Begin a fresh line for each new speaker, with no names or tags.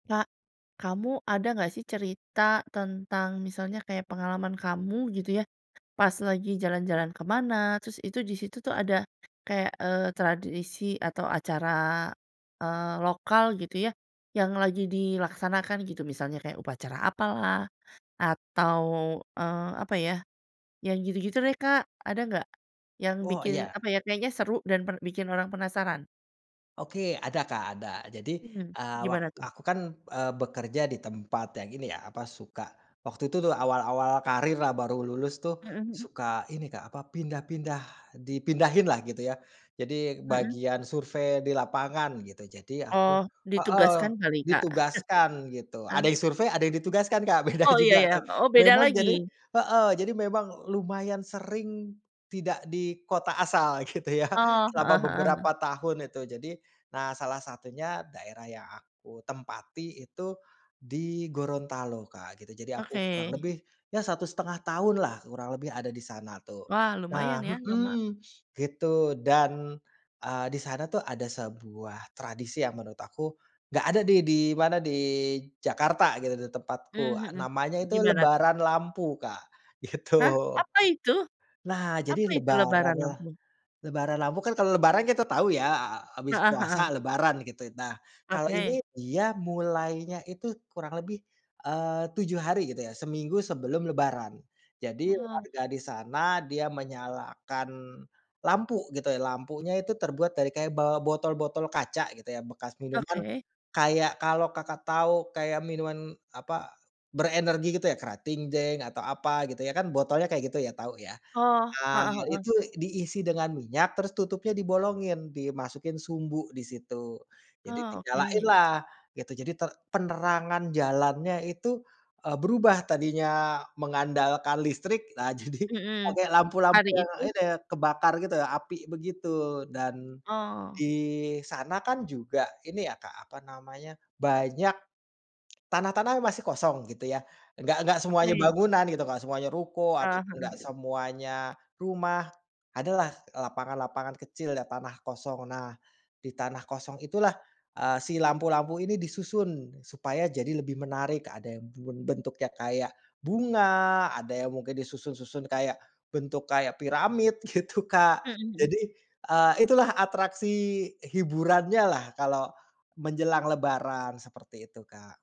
Kak, kamu ada enggak sih, cerita tentang, misalnya kayak pengalaman kamu, gitu ya. Pas lagi jalan-jalan ke mana, terus, itu di situ tuh, ada kayak, eee, tradisi atau acara, eee, lokal, gitu ya, yang lagi dilaksanakan, gitu. Misalnya, kayak upacara apalah, atau, eee, apa ya, yang gitu-gitu deh, Kak. Ada enggak? Yang
Oh,
bikin,
iya.
apa ya, kayaknya seru dan per bikin orang penasaran?
Oke, ada Kak, ada. Jadi,
Mmm,
eee, wak
gimana tuh?
aku kan, eee, bekerja di tempat yang ini ya, apa, suka waktu itu tuh, awal-awal karir lah, baru lulus tuh,
Mhm mhm.
suka ini Kak, apa, pindah-pindah dipindahin lah, gitu ya. Jadi,
Mhm?
bagian survei di lapangan, gitu, jadi
Oh,
aku heeh,
ditugaskan kali, Kak.
ditugaskan, gitu,
Heeh.
ada yang survei, ada yang ditugaskan, Kak, beda
Oh, iya
juga
iya.
tuh.
Oh, beda
Memang, jadi
lagi?
heeh, jadi memang lumayan sering, tidak di kota asal gitu ya,
Oh,
selama
heeh heeh.
beberapa tahun, itu. Jadi, nah salah satunya, daerah yang aku tempati itu, di Gorontalo Kak, gitu. Jadi aku kurang
Oke.
lebih, ya 1 1/2 tahun lah, kurang lebih ada di sana, tuh.
Wah! Lumayan
Nah
ya, lama?
mhm, gitu, dan, eee, di sana tuh, ada sebuah tradisi yang menurut aku, nggak ada nih, di mana, di Jakarta, gitu, di
Mmm
tempatku,
mhm,
namanya itu
gimana tuh?
Lebaran Lampu Kak,
Hah?
gitu.
Apa itu?
Nah, jadi
Apa itu
Lebaran
Lebaran
lah
Lampu?
Lebaran Lampu kan, kalau Lebaran kita tahu ya, a a habis
Heeh
puasa,
heeh.
Lebaran, gitu. Nah, kalau
Oke.
ini dia mulainya itu, kurang lebih, eee, 7 hari, gitu ya, seminggu sebelum Lebaran. Jadi,
Aha.
warga di sana, dia menyalakan lampu, gitu ya, lampunya itu terbuat dari kayak ba botol-botol kaca, gitu ya, bekas minuman.
Oke.
Kayak, kalau Kakak tahu kayak minuman, apa, berenergi, gitu ya, Kratingdaeng, atau apa, gitu ya, kan, botolnya kayak gitu ya, tahu ya.
Oh,
Nah,
heeh heeh.
itu diisi dengan minyak, terus tutupnya dibolongin, dimasukin sumbu di situ, jadi
Oh, oke.
dinyalainlah, gitu. Jadi, ter penerangan jalannya itu, eee, berubah, tadinya mengandalkan listrik, nah jadi
Mhm.
pakai lampu-lampu
Hari
yang,
itu
ini, kebakar gitu ya, api, begitu. Dan,
Oh.
di sana kan, juga, ini ya Kak, apa namanya, banyak, tanah-tanah yang masih kosong, gitu ya, enggak enggak semuanya
Oke.
bangunan, gitu, enggak semuanya ruko,
Heeh
ataupun, enggak
heeh.
semuanya rumah, ada lah, lapangan-lapangan kecil ya, tanah kosong. Nah, di tanah kosong itulah, eee, si lampu-lampu ini disusun, supaya jadi lebih menarik, ada yang ben bentuknya kayak bunga, ada yang mungkin disusun-susun, kayak, bentuk kayak piramid, gitu Kak.
Mhm mhm.
Jadi, eee, itulah atraksi hiburannyalah, kalau, menjelang Lebaran, seperti itu Kak.